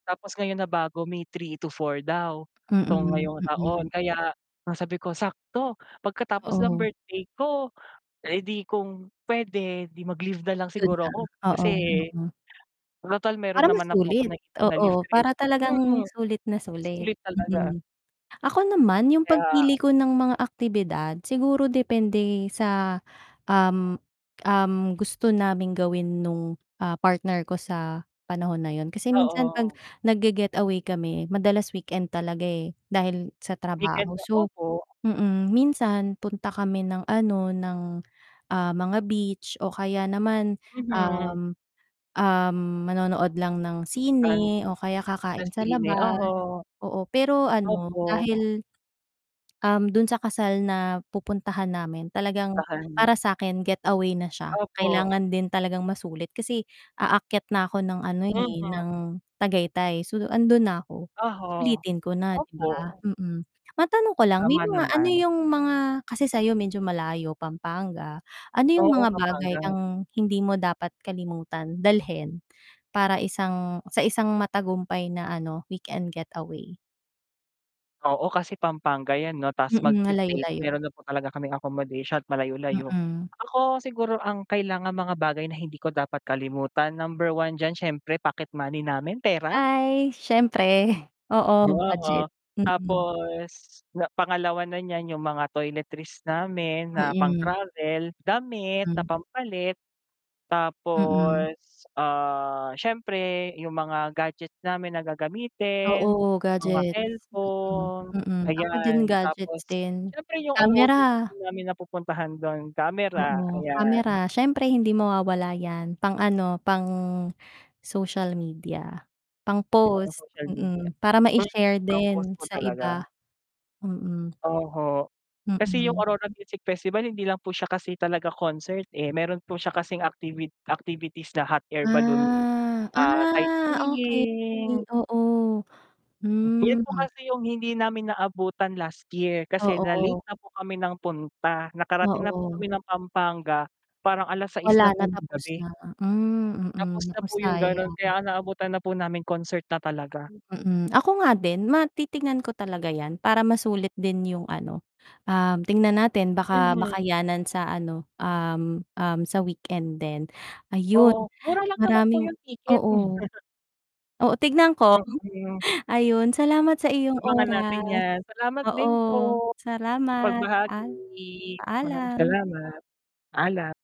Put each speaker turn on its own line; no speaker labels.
Tapos ngayon nabago May 3 to 4 daw 'tong
Mm.
ngayong taon.
Mm.
Kaya ang sabi ko sakto pagkatapos ng
Oo.
birthday ko, eh di kung pwede di mag-leave na lang
Dun na,
siguro ako
oo,
kasi,
oo.
total meron
Para
naman na po akong
masulit,
[unintelligible] nag-ipon na leave
oo,
credit.
para talagang
Mm,
sulit na sulit,
sulit talaga.
mm. Ako naman yung
Kaya
pagpili ko ng mga aktibidad siguro depende sa, um, um, gusto naming gawin nung, ah, partner ko sa panahon na yun kasi minsan 'pag
Oo.
nag-ge-getaway kami madalas weekend talaga eh, dahil sa
Weekend
trabaho. So
opo.
mm, minsan punta kami ng ano, ah, ng mga beach o kaya naman,
Mhm.
um, um, manonood lang ng
An
sine o kaya
sa
kakain sa
sine
labas,
oho.
oo, pero ano
Opo.
dahil, um, dun sa kasal na pupuntahan namin talagang
Tahan.
para sakin getaway na siya,
Opo.
kailangan din talagang masulit. Kasi aakyat na ako ng ano eh,
Mhm.
ng Tagaytay. So andun na ako,
Oho,
sulitin ko na di
opo.
ba, mm. Matanong ko lang, may
Tama
mga ano
naman.
yung mga kasi sayo medyo malayo pampanga ano yung
Oo,
mga bagay
Pampanga.
ang hindi mo dapat kalimutan dalhin para isang sa isang matagumpay na ano weekend getaway?
Oo, kasi Pampanga yan 'no, tas
Mm,
mag-fe-faith,
malayo-layo.
meron na po talaga kaming accommodation at malayo-layo.
Mm.
Ako siguro ang kailangang mga bagay na hindi ko dapat kalimutan, number 1 diyan, siyempre pocket money namin pera.
Ay siyempre, oo,
Oo.
budget, mm.
Tapos na pangalawa na niyan yung mga toiletries namin na
Mm.
pang-travel damit na
Mm.
pampalit
Mm.
tapos, ah, siyempre yung mga gadgets namin na gagamitin,
Oo
mga
gadgets, mm,
cellphone,
mm, ako din
ayan, tapos
gadgets din
siyempre yung
kamera.
OOTD namin napupuntahan dun kamera,
Oo, kamera
ayan.
siyempre hindi mawawala yan pang ano, pang social media, pang
Yung pang
post,
social media,
mm, para
eh,
maishare
pang post
din
po
sa
talaga.
iba. Mm.
Oho, kasi yung
Mm.
Aurora Music Festival hindi lang po siya kasi talaga concert eh, meron po siya kasing activit activities na hot air balloon,
Ah,
ah,
ah okey,
sightseeing.
oo,
Yun po
hmm.
kasi yung hindi namin naabutan last year, kasi na-late
Oo.
na po kami ng punta, nakarating na po kami
Oo.
ng Pampanga, parang 6:00 na
Wala
po
na
ng
tapos
gabi.
na, hmm, mm,
Tapos na
nako
po yung ganun, kaya
sayang.
ang naabutan na po namin concert na talaga.
Mm, ako nga din matitignan ko talaga yan para masulit din yung ano, um, tingnan natin baka
Mhm.
makayanan sa ano, um, um, sa weekend din. Ayun
Oo, mura lang naman po
maraming
yung ticket.
oo. Oo, tignan ko.
Oho.
Ayun, salamat sa iyong
Abangan natin
oras,
yan, salamat
oo,
din po sa
salamat
pagbahagi,
at
salamat. Maraming
Paalam.
salamat, paalam.